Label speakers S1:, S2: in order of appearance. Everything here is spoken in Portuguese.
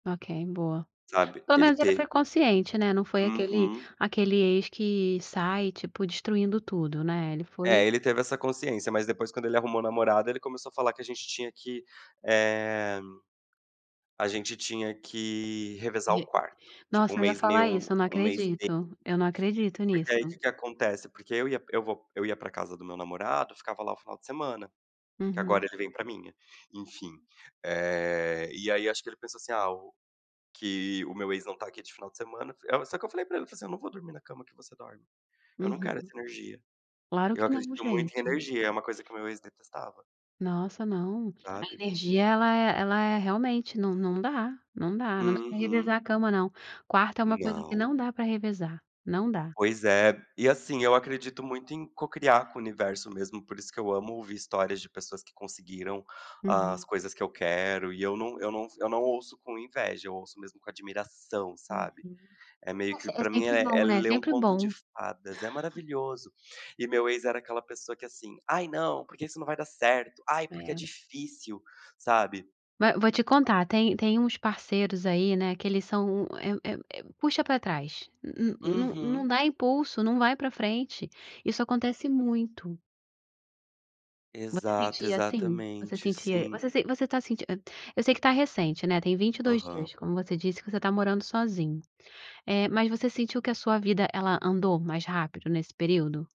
S1: Ok, boa,
S2: Sabe,
S1: pelo
S2: ele
S1: menos ele foi
S2: ter
S1: consciente, né, não foi aquele
S2: Uhum.
S1: aquele ex que sai tipo destruindo tudo, né, ele foi
S2: É ele teve essa consciência, mas depois quando ele arrumou namorada ele começou a falar que a gente tinha que, eh, a gente tinha que revezar o
S1: E,
S2: quarto, tipo 1
S1: nossa, eu ia
S2: mês
S1: falar
S2: meu,
S1: isso, eu não
S2: 1 mês dele.
S1: acredito, eu não acredito nisso.
S2: Porque aí o que que acontece, porque eu ia, eu vou, eu ia pra casa do meu namorado, ficava lá o final de semana, que
S1: Uhum.
S2: agora ele vem pra minha, enfim, eh, e aí acho que ele pensou, assim: "Ah o, que o meu ex não está aqui de final de semana", só que eu falei pra ele, eu falei assim: "Eu não vou dormir na cama que você dorme, eu não quero
S1: Uhum.
S2: essa energia".
S1: Claro
S2: Eu
S1: que não
S2: acredito muito em
S1: gente.
S2: energia, uma coisa que o meu ex detestava.
S1: Nossa não, a
S2: Sabe?
S1: energia ela é ela é realmente não não dá não dá não dá pra
S2: Uhum.
S1: revezar a cama não, quarto é uma coisa que
S2: Não.
S1: não dá pra revezar, não dá.
S2: Pois é, e assim eu acredito muito em cocriar com o universo mesmo por isso que eu amo ouvir histórias de pessoas que conseguiram
S1: Uhum.
S2: as coisas que eu quero, e eu não eu não eu não ouço com inveja, eu ouço mesmo com admiração sabe?
S1: Uhum,
S2: É meio
S1: é se
S2: que
S1: é
S2: pra mim
S1: sempre
S2: é é
S1: bom, né,
S2: ler um
S1: sempre
S2: conto de
S1: bom.
S2: fadas, é maravilhoso, e meu ex era aquela pessoa que, assim: "Ai não, porque isso não vai dar certo, ai porque é
S1: É.
S2: difícil", sabe.
S1: Va vou te contar, tem tem uns parceiros aí, né, que eles são é um é um é um puxa pra trás, no no no não
S2: Uhum.
S1: dá impulso, não vai pra frente, isso acontece muito. Você
S2: Exato,
S1: sentia assim, você
S2: exatamente,
S1: sentia,
S2: sim.
S1: você você tá senti eu sei que está recente, né, tem 22
S2: Aham.
S1: dias como você disse que você tá morando sozinho, eh, mas você sentiu que a sua vida ela andou mais rápido nesse período?